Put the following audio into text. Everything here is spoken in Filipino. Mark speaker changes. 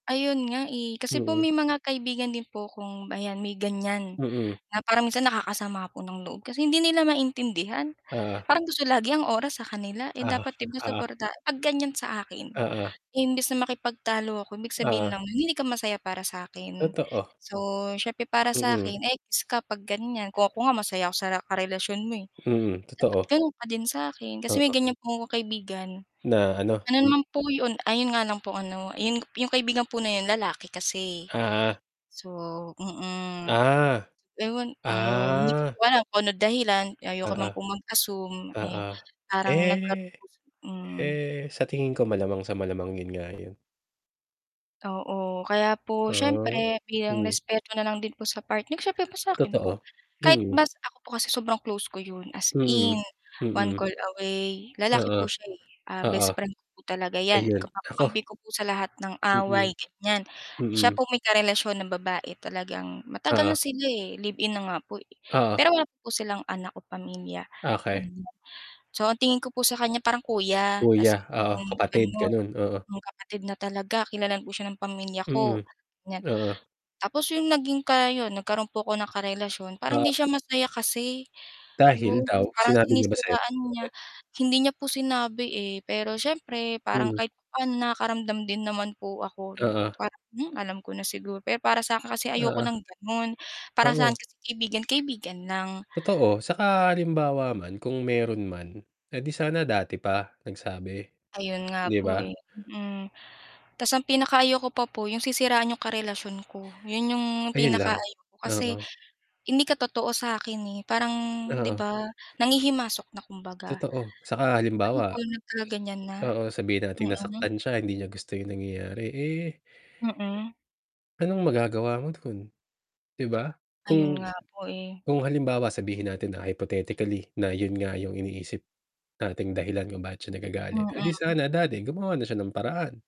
Speaker 1: Ayun nga, eh. Kasi po
Speaker 2: Mm.
Speaker 1: may mga kaibigan din po kong ayan may ganyan,
Speaker 2: Mm.
Speaker 1: na parang minsan nakakasama po ng loob, kasi hindi nila maintindihan.
Speaker 2: Oo.
Speaker 1: Parang gusto lagi ang oras sa kanila, eh,
Speaker 2: Uh-huh,
Speaker 1: dapat
Speaker 2: ah.
Speaker 1: suporta 'pag ganyan sa akin
Speaker 2: Oo.
Speaker 1: imbes na makipagtalo ako, ibig sabihin
Speaker 2: Oo.
Speaker 1: lang hindi ka masaya para sa akin.
Speaker 2: Totoo.
Speaker 1: So, siyempre para sa
Speaker 2: Mm.
Speaker 1: akin ekis ka 'pag ganyan. Kung ako nga masaya ako sa karelasyon mo, eh,
Speaker 2: Mm,
Speaker 1: dapat
Speaker 2: totoo.
Speaker 1: gano'n ka din sa akin. Kasi may
Speaker 2: Oo.
Speaker 1: ganyan po kaibigan
Speaker 2: Na, ano?
Speaker 1: ano naman po 'yon, ayun nga lang po ano 'yon, 'yong kaibigan po na yun, lalaki kasi,
Speaker 2: Uh-huh.
Speaker 1: So mm,
Speaker 2: Ah,
Speaker 1: ewan ayon hindi ko
Speaker 2: ah.
Speaker 1: po alam kung anong dahilan, ayoko naman
Speaker 2: Uh-huh.
Speaker 1: po mag-assume,
Speaker 2: Oo.
Speaker 1: eh, parang nagkaron
Speaker 2: Eh
Speaker 1: po si mm.
Speaker 2: eh, sa tingin ko malamang sa malamang, yun nga yun.
Speaker 1: Oo, kaya po
Speaker 2: Ah,
Speaker 1: siyempre bilang
Speaker 2: mm.
Speaker 1: respeto na lang din po sa partner siyempre pa sa akin po.
Speaker 2: Totoo,
Speaker 1: Kahit
Speaker 2: mm.
Speaker 1: mas ako po kasi sobrang close ko yun as
Speaker 2: Mm,
Speaker 1: in, one
Speaker 2: mm.
Speaker 1: call away, lalaki
Speaker 2: Oo,
Speaker 1: po siya, eh. Ah,
Speaker 2: oo.
Speaker 1: best friend ko po talaga 'yan
Speaker 2: Ayun
Speaker 1: kumbaga
Speaker 2: naku.
Speaker 1: kamkampi ko po sa lahat ng
Speaker 2: Mm
Speaker 1: away, ganyan. Siya
Speaker 2: mm.
Speaker 1: po may karelasyon na babae talagang matagal
Speaker 2: Oo.
Speaker 1: na sila, eh, live-in na nga po,
Speaker 2: Oo.
Speaker 1: pero wala pa po silang anak o pamilya
Speaker 2: Okey.
Speaker 1: ganyan. So ang tingin ko po sa kanya parang kuya,
Speaker 2: Kuya,
Speaker 1: kasi
Speaker 2: oo
Speaker 1: mm,
Speaker 2: kapatid
Speaker 1: ganon.
Speaker 2: ganon, oo.
Speaker 1: Yung kapatid na talaga, kilala po siya ng pamilya
Speaker 2: Mm,
Speaker 1: ko, ganyan.
Speaker 2: oo.
Speaker 1: Tapos yung naging ka yon, nagkaroon po ako ng karelasyon, parang
Speaker 2: Oo.
Speaker 1: hindi siya masaya kasi,
Speaker 2: Dahil
Speaker 1: yun
Speaker 2: daw,
Speaker 1: parang
Speaker 2: sinabi niya ba sayo?
Speaker 1: sinisiraan niya
Speaker 2: [unintelligible]
Speaker 1: hindi niya po sinabi, eh. Pero siyempre parang
Speaker 2: Mm.
Speaker 1: kahit papaano nakaramdam din naman po ako,
Speaker 2: Oo.
Speaker 1: parang, hmm, alam ko na siguro. Pero para sakin kasi ayoko ng
Speaker 2: Oo.
Speaker 1: ganon, para
Speaker 2: Oo.
Speaker 1: sa'kin kasi kaibigan, kaibigan lang.
Speaker 2: Totoo. 'Tsaka halimbawa man, kung meron man, eh, 'di sana dati pa nagsabi,
Speaker 1: Ayun nga
Speaker 2: 'di ba?
Speaker 1: po, eh, mm. Tas, ang pinaka ayaw ko pa po yung sisiraan yung karelasyon ko. Yun yung
Speaker 2: Ayun
Speaker 1: pinaka
Speaker 2: lang,
Speaker 1: ayaw ko, kasi
Speaker 2: oo.
Speaker 1: hindi ka totoo sa akin, eh, parang, 'di
Speaker 2: Oo.
Speaker 1: ba, nanghihimasok na kumbaga.
Speaker 2: Totoo. 'Tsaka
Speaker 1: Ay
Speaker 2: halimbawa
Speaker 1: ikaw na talaga ganyan na,
Speaker 2: oo, sabihin nating
Speaker 1: mm.
Speaker 2: nasaktan sya hindi niya gusto yung nangyayari, eh
Speaker 1: Mm.
Speaker 2: anong magagawa mo dun, 'di ba?
Speaker 1: Ayun
Speaker 2: Kung
Speaker 1: nga po, eh.
Speaker 2: kung halimbawa sabihin natin na hypothetically na yun nga yung iniisip nating dahilan kung bakit siya nagagalit, eh, 'di
Speaker 1: Mm.
Speaker 2: sana dati gumawa na siya ng paraan.